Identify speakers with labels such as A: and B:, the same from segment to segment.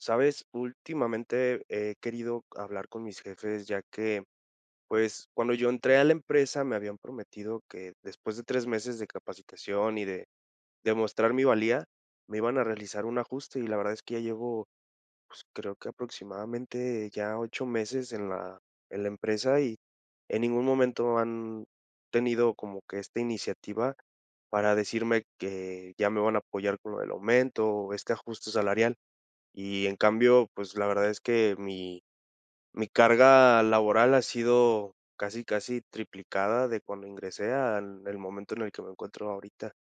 A: ¿Sabes? Últimamente he querido hablar con mis jefes, ya que, pues, cuando yo entré a la empresa, me habían prometido que, después de 3 meses de capacitación y de de mostrar mi valía, me iban a realizar un ajuste. Y la verdad es que ya llevo, pues, creo que aproximadamente ya 8 meses en la en la empresa, y en ningún momento han tenido como que esta iniciativa para decirme que ya me van a apoyar con lo del aumento, o este ajuste salarial. Y, en cambio, pues, la verdad es que mi mi carga laboral ha sido casi, casi triplicada de cuando ingresé al el momento en el que me encuentro ahorita.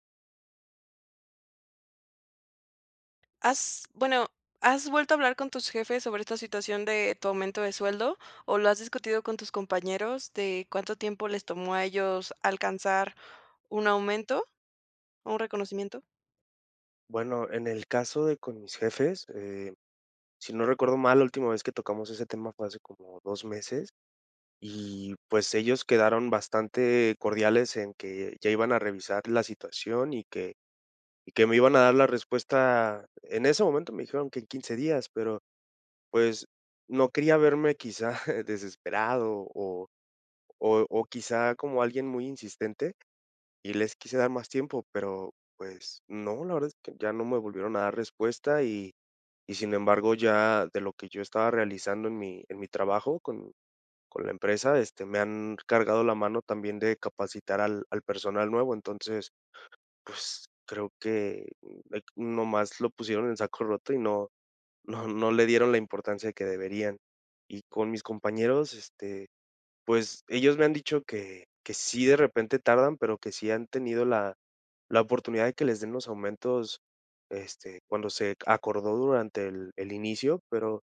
B: ¿Has bueno, has vuelto a hablar con tus jefes sobre esta situación de tu aumento de sueldo, o lo has discutido con tus compañeros de cuánto tiempo les tomó a ellos alcanzar un aumento o un reconocimiento?
A: Bueno, en el caso de con mis jefes, eh, si no recuerdo mal, la última vez que tocamos ese tema fue hace como 2 meses, y, pues, ellos quedaron bastante cordiales en que ya iban a revisar la situación y que y que me iban a dar la respuesta en ese momento me dijeron que en 15 días, pero, pues, no quería verme quizá desesperado, o o o quizá como alguien muy insistente, y les quise dar más tiempo. Pero, pues, no, la verdad es que ya no me volvieron a dar respuesta y y, sin embargo, ya de lo que yo estaba realizando en mi en mi trabajo con con la empresa, este, me han cargado la mano también de capacitar al al personal nuevo. Entonces, pues, creo que, mm, eh, qu nomás lo pusieron en saco roto y no no no le dieron la importancia de que deberían. Y con mis compañeros, este, pues, ellos me han dicho que que sí de repente tardan, pero que sí han tenido la la oportunidad de que les den los aumentos, este, cuando se acordó durante el el inicio. Pero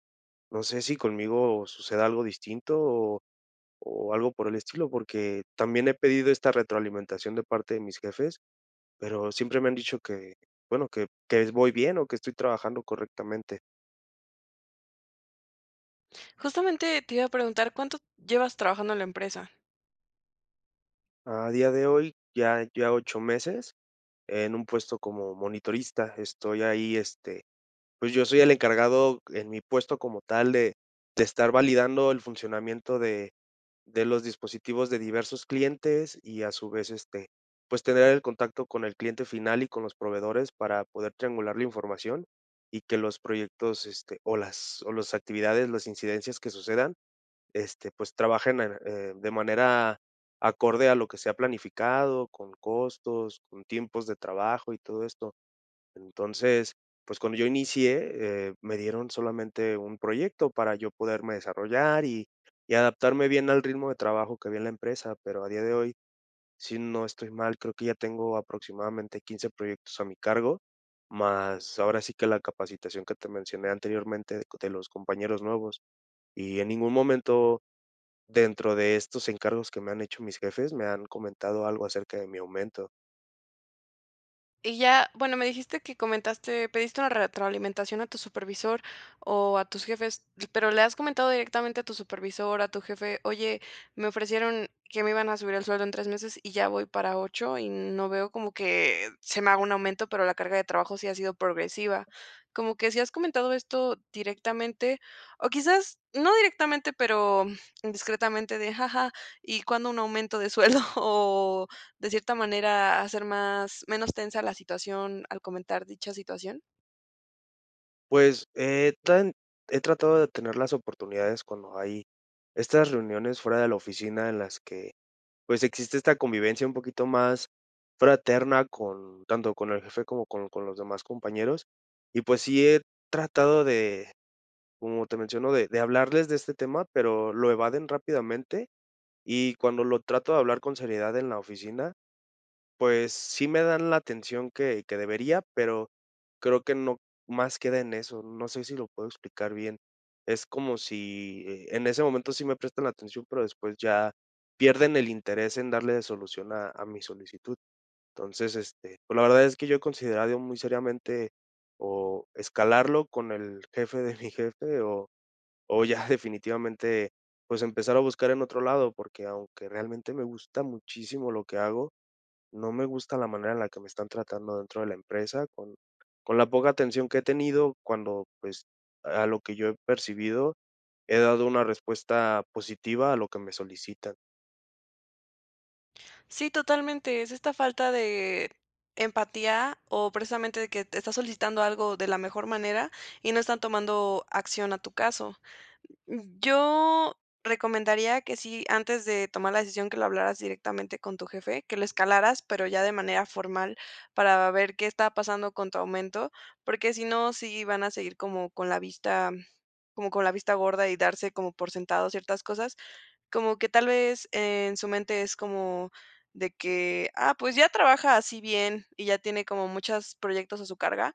A: no sé si conmigo suceda algo distinto o o algo por el estilo, porque también he pedido esta retroalimentación de parte de mis jefes, pero siempre me han dicho que, bueno, que que es voy bien, o que estoy trabajando correctamente.
B: Justamente te iba a preguntar, ¿cuánto llevas trabajando en la empresa?
A: A día de hoy, ya, eh, ya 8 meses, en un puesto como monitorista. Estoy ahí, este pues yo soy el encargado en mi puesto como tal de de estar validando el funcionamiento de de los dispositivos de diversos clientes y a su vez, este, pues tener el contacto con el cliente final y con los proveedores para poder triangular la información y que los proyectos, este o las o los actividades, las incidencias que sucedan, este, pues trabajen en en, eh, de manera acorde a lo que se ha planificado, con costos, con tiempos de trabajo y todo esto. Entonces, pues cuando yo inicié, eh, me dieron solamente un proyecto para yo poderme desarrollar y y adaptarme bien al ritmo de trabajo que había en la empresa, pero a día de hoy, sí, no estoy mal, creo que ya tengo aproximadamente 15 proyectos a mi cargo, más ahora sí que la capacitación que te mencioné anteriormente de los compañeros nuevos. Y en ningún momento, dentro de estos encargos que me han hecho mis jefes, me han comentado algo acerca de mi aumento.
B: Y ya Bueno, me dijiste que comentaste pediste una retroalimentación a tu supervisor o a tus jefes, pero ¿le has comentado directamente a tu supervisor, a tu jefe?: "Oye, me ofrecieron que me iban a subir el sueldo en 3 meses, y ya voy para 8, y no veo como que se me haga un aumento, pero la carga de trabajo sí ha sido progresiva" Como que, ¿sí has comentado esto directamente? O quizás, no directamente, pero, mm, indiscretamente de: "Ja ja, ¿y cuándo un aumento de sueldo?". O de cierta manera, hacer más Menos tensa la situación, al comentar dicha situación?
A: Pues, he tan he tratado de tener las oportunidades cuando hay estas reuniones fuera de la oficina, en las que, pues, existe esta convivencia un poquito más, fraterna con tanto con el jefe, como con con los demás compañeros. Y pues, sí he tratado de como te menciono, de de hablarles de este tema, pero lo evaden rápidamente. Y cuando lo trato de hablar con seriedad en la oficina, pues, sí me dan la atención que que debería, pero creo que no más queda en eso. No sé si lo puedo explicar bien. Es como si, eh, en ese momento sí me prestan atención, pero después ya pierden el interés en darle solución a a mi solicitud. Entonces, este Pues la verdad es que yo he considerado, muy seriamente, o, escalarlo con el jefe de mi jefe, o o ya definitivamente, pues empezar a buscar en otro lado. Porque aunque realmente me gusta muchísimo lo que hago, no me gusta la manera en la que me están tratando dentro de la empresa. Con con la poca atención que he tenido cuando, pues, a lo que yo he percibido, he dado una respuesta positiva a lo que me solicitan.
B: Sí, totalmente. Es esta falta de empatía, o precisamente de que te estás solicitando algo de la mejor manera, y no están tomando acción a tu caso. Yo recomendaría, que sí, antes de tomar la decisión, que lo hablaras directamente con tu jefe, que lo escalaras, pero ya de manera formal para ver qué está pasando con tu aumento. Porque si no, sí van a seguir como con la vista como con la vista gorda, y darse como por sentado ciertas cosas. Como que tal vez, en su mente es como, de que: "Ah, pues ya trabaja así bien, y ya tiene como, muchas proyectos a su carga.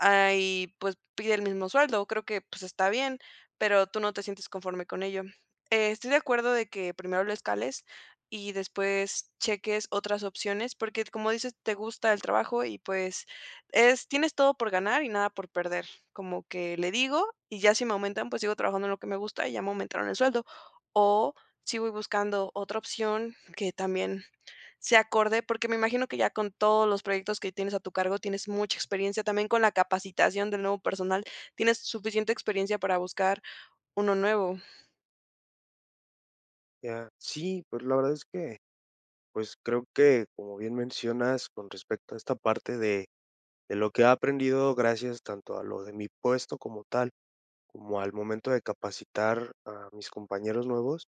B: Ah, y pues pide el mismo sueldo. Creo que pues está bien". Pero tú no te sientes conforme con ello. Eh, estoy de acuerdo de que, primero lo escales, y después cheques otras opciones, porque como dices, te gusta el trabajo y, pues es Tienes todo por ganar y nada por perder. Como que le digo, y ya si me aumentan, pues, sigo trabajando en lo que me gusta, y ya me aumentaron el sueldo. O, sí voy buscando otra opción, que también sea acorde. Porque me imagino que ya con todos los proyectos que tienes a tu cargo, tienes mucha experiencia. También con la capacitación del nuevo personal, tienes suficiente experiencia para buscar uno nuevo.
A: Ya sí, pues la verdad es que, pues, creo que, como bien mencionas, con respecto a esta parte de de lo que he aprendido, gracias tanto a lo de mi puesto como tal, como al momento de capacitar a mis compañeros nuevos,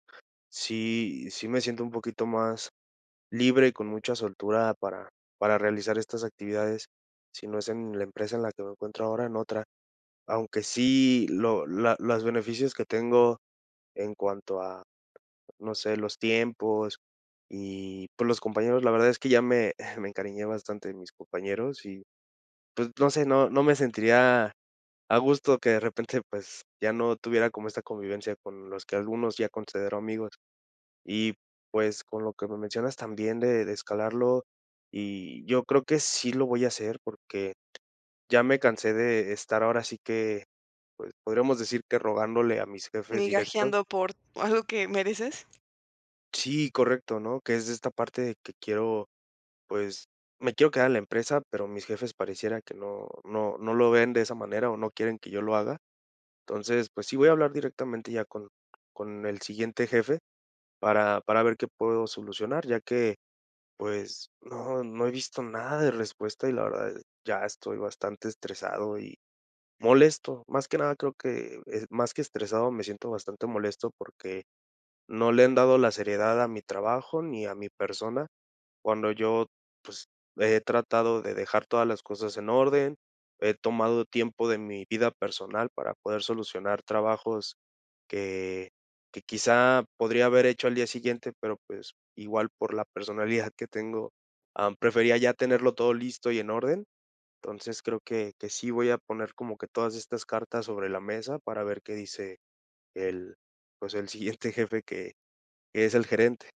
A: sí sí me siento un poquito más libre y con mucha soltura para para realizar estas actividades, si no es en la empresa en la que me encuentro ahora, en otra. Aunque sí lo la las beneficios que tengo en cuanto a, no sé, los tiempos y, pues, los compañeros, la verdad es que ya me me encariñé bastante de mis compañeros y, pues, no sé, no no me sentiría a gusto que de repente, pues, ya no tuviera como esta convivencia con los que algunos ya considero amigos. Y, pues, con lo que me mencionas también de de escalarlo, y yo creo que sí lo voy a hacer, porque ya me cansé de estar ahora sí que, pues, podríamos decir que rogándole a mis jefes directos.
B: ¿Migajeando por algo que mereces?
A: Sí, correcto, ¿no?, que es de esta parte que quiero pues, me quiero quedar en la empresa, pero mis jefes parecieran que no no no lo ven de esa manera, o no quieren que yo lo haga. Entonces, pues, sí voy a hablar directamente ya con con el siguiente jefe para para ver qué puedo solucionar, ya que, pues, no no he visto nada de respuesta y, la verdad, eh, ya estoy bastante estresado y molesto. Más que nada, creo que es, más que estresado, me siento bastante molesto porque no le han dado la seriedad a mi trabajo ni a mi persona. Cuando yo, pues, he tratado de dejar todas las cosas en orden, he tomado tiempo de mi vida personal para poder solucionar trabajos que, que quizá podría haber hecho al día siguiente. Pero, pues, igual, por la personalidad que tengo, am, prefería ya tenerlo todo listo y en orden. Entonces, creo que, que sí voy a poner como que todas estas cartas sobre la mesa para ver qué dice el pues, el siguiente jefe que que es el gerente.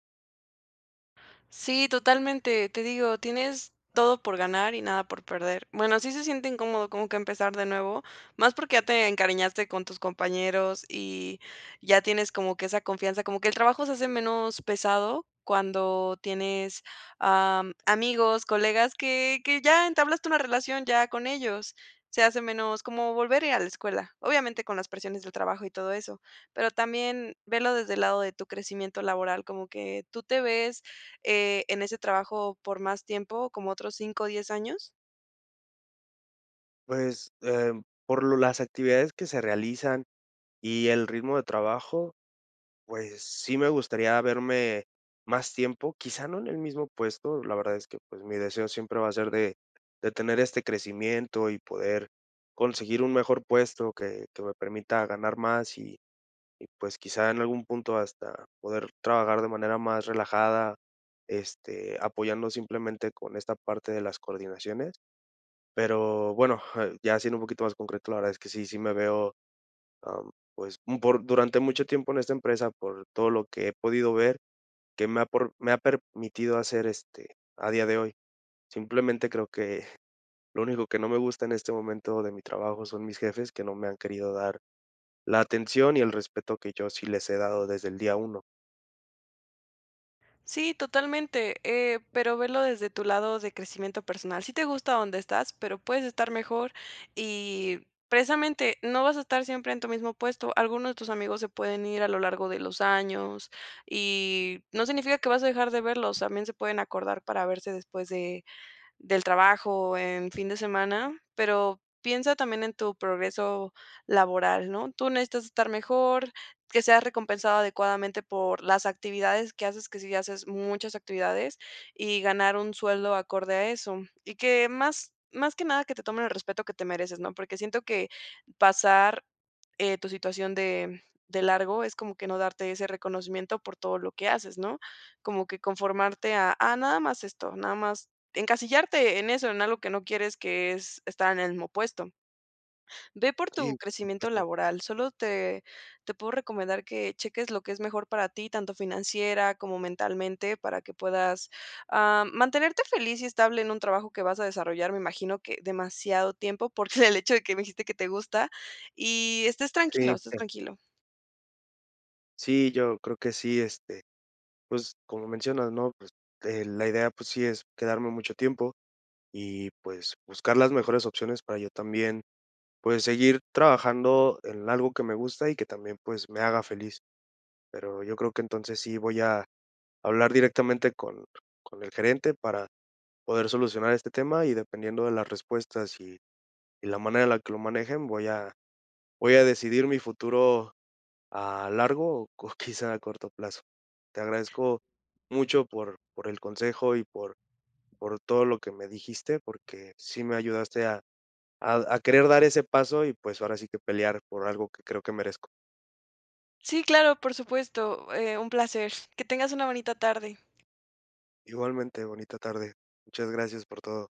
B: Sí, totalmente, te digo, tienes todo por ganar y nada por perder. Bueno, sí se siente incómodo como que empezar de nuevo, más porque ya te encariñaste con tus compañeros, y ya tienes como que esa confianza, como que el trabajo se hace menos pesado cuando tienes, am, amigos, colegas que que ya entablaste una relación ya con ellos, se hace menos como volver a ir a la escuela. Obviamente con las presiones del trabajo y todo eso, pero también velo desde el lado de tu crecimiento laboral, como que, ¿tú te ves, eh, en ese trabajo por más tiempo, como otros 5 o 10 años?
A: Pues, eh, por lo las actividades que se realizan y el ritmo de trabajo, pues, sí me gustaría verme más tiempo, quizá no en el mismo puesto, la verdad es que, pues, mi deseo siempre va a ser de de tener este crecimiento y poder conseguir un mejor puesto que que me permita ganar más, y y, pues, quizá en algún punto hasta poder trabajar de manera más relajada, este, apoyando simplemente con esta parte de las coordinaciones. Pero, bueno, ya siendo un poquito más concreto, la verdad es que sí, sí me veo, am, pues, un por durante mucho tiempo en esta empresa, por todo lo que he podido ver, que me ha pro me ha permitido hacer, este, a día de hoy. Simplemente creo que lo único que no me gusta en este momento de mi trabajo son mis jefes, que no me han querido dar la atención y el respeto que yo sí les he dado desde el día 1.
B: Sí, totalmente, eh, pero velo desde tu lado de crecimiento personal. Sí te gusta donde estás, pero puedes estar mejor y precisamente no vas a estar siempre en tu mismo puesto. Algunos de tus amigos se pueden ir a lo largo de los años y no significa que vas a dejar de verlos, también se pueden acordar para verse después de del trabajo en fin de semana. Pero piensa también en tu progreso laboral, ¿no? Tú necesitas estar mejor, que seas recompensado adecuadamente por las actividades que haces, que sí ya haces muchas actividades, y ganar un sueldo acorde a eso. Y que más más que nada que te tomen el respeto que te mereces, ¿no?, porque siento que pasar, eh, tu situación de, de largo es como que no darte ese reconocimiento por todo lo que haces, ¿no?, como que conformarte a a nada más esto, nada más encasillarte en eso, en algo que no quieres que es estar en el mismo puesto. Ve por tu
A: Sí, por
B: crecimiento
A: supuesto.
B: laboral, solo te te puedo recomendar que cheques lo que es mejor para ti, tanto financiera como mentalmente, para que puedas, ah, mantenerte feliz y estable en un trabajo que vas a desarrollar, me imagino que demasiado tiempo, por el hecho de que me dijiste que te gusta. Y estés tranquilo,
A: Sí,
B: estés
A: pues.
B: tranquilo.
A: Sí, yo creo que sí, este, pues, como mencionas, ¿no? Pues, eh, la idea, pues, sí es quedarme mucho tiempo y, pues, buscar las mejores opciones para yo también, pues, seguir trabajando en algo que me gusta y que también, pues, me haga feliz. Pero yo creo que, entonces, sí voy a hablar directamente con con el gerente para poder solucionar este tema y, dependiendo de las respuestas y y la manera en la que lo manejen, voy a voy a decidir mi futuro a largo o co quizá a corto plazo. Te agradezco mucho por por el consejo y por por todo lo que me dijiste, porque sí me ayudaste a a d a querer dar ese paso y, pues, ahora sí que pelear por algo que creo que merezco.
B: Sí, claro, por supuesto, eh, un placer. Que tengas una bonita tarde.
A: Igualmente, bonita tarde. Muchas gracias por todo.